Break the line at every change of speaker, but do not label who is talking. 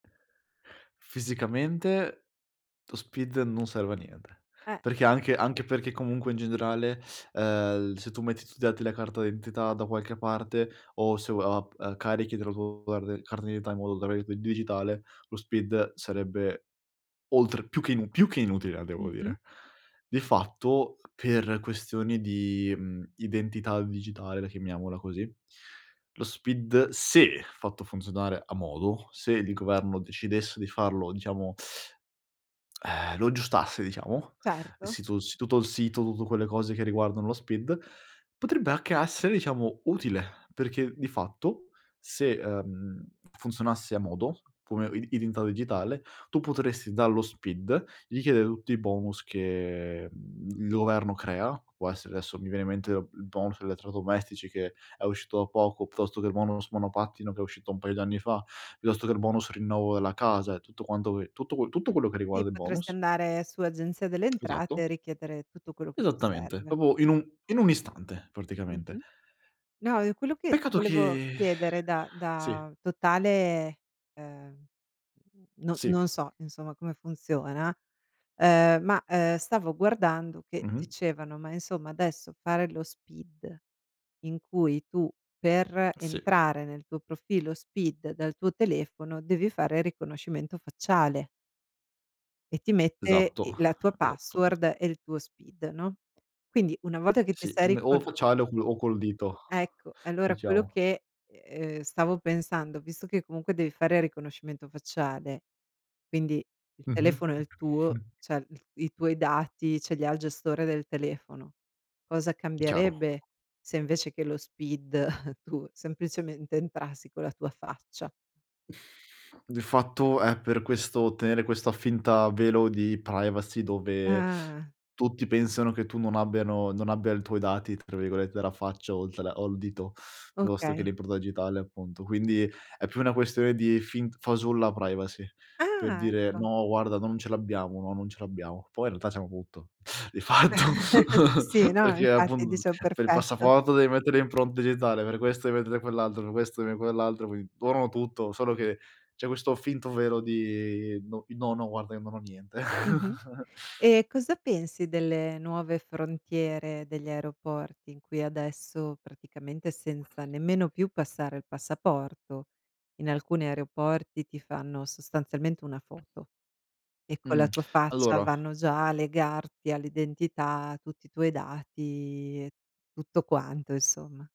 Fisicamente lo SPID non serve a niente,
Eh.
perché anche anche perché comunque in generale, ehm, l se tu metti i tuoi dati della carta d'identità da qualche parte o se o ap carichi [unintelligible] carta d'identità in modo [unintelligible] il digitale, lo SPID sarebbe oltre più che inu più che inutile la devo
Mh-mh.
dire. Di fatto per questioni di, mhmm, identità digitale, la chiamiamola così, lo SPID se fatto funzionare a modo, se il governo decidesse di farlo, diciamo eh, lo aggiustasse diciamo, il
Certo.
sito s tutto il sito, tutte quelle cose che riguardano lo SPID, potrebbe anche essere diciamo utile, perché di fatto se, ehm, funzionasse a modo come i identità digitale tu potresti dallo SPID, richiedere tutti i bonus che, mhmm, il governo crea, può essere adesso mi viene in mente il bonus elettrodomestici che è uscito da poco, piuttosto che il bonus monopattino che è uscito un paio di anni fa, piuttosto che il bonus rinnovo della casa e tutto quanto que tutto tutto quello che
Sì,
riguarda il
potresti
bonus.
andare su Agenzia delle Entrate
Esatto.
e richiedere tutto quello che ti
Esattamente,
serve.
proprio in un in un istante praticamente.
Mh-mh. No, io quello che ti
Peccato
volevo
che
chiedere da
Sì.
da totale, ehm, mhmm, no
Sì.
non so, insomma come funziona, ehm, ma, ehm, stavo guardando che
Mh-mh.
dicevano: "Ma insomma adesso fare lo SPID, in cui tu per
Sì.
entrare nel tuo profilo SPID dal tuo telefono devi fare riconoscimento facciale". E ti mette
Esatto,
i la tua
esatto.
password e il tuo SPID, no, quindi una volta che ti
Sì,
sei
ti me o
ricono
facciale o co o col dito,
Ecco, e allora quello
diciamo.
che, ehm, stavo pensando, visto che comunque devi fare riconoscimento facciale, quindi il
Mh-mh.
telefono è il tuo, cioè i i tuoi dati ce li ha il gestore del telefono, cosa
Chiaro.
cambierebbe se invece che lo SPID tu semplicemente entrassi con la tua faccia?
Di fatto è per questo tenere questa finta velo di privacy, dove
Ah.
tutti pensano che tu non abbiano non abbia il tuoi dati tra virgolette "della faccia" oltre o al dito, piuttosto che
Okay.
l'impronta digitale appunto. Quindi è più una questione di fint fasulla privacy, per
Ah,
dire:
ecco.
"No, guarda non ce l'abbiamo, no, non ce l'abbiamo". Poi in realtà c'hanno tutto di fatto,
Sì, sì, no,
perché
infatti
appun
dicevo
per il
perfetto.
passaporto devi mettere le impronte digitale, per questo devi mettere quell'altro, per questo devi m quell'altro, qui loro hanno tutto, solo che c'è questo finto velo di: "No, i no guarda io non ho niente".
Mh-mh. E cosa pensi delle nuove frontiere degli aeroporti, in cui adesso praticamente senza nemmeno più passare il passaporto, in alcuni aeroporti ti fanno sostanzialmente una foto e con
Mh.
la tua faccia
Allora
vanno già a legarti all'identità, tutti i tuoi dati e tutto quanto insomma?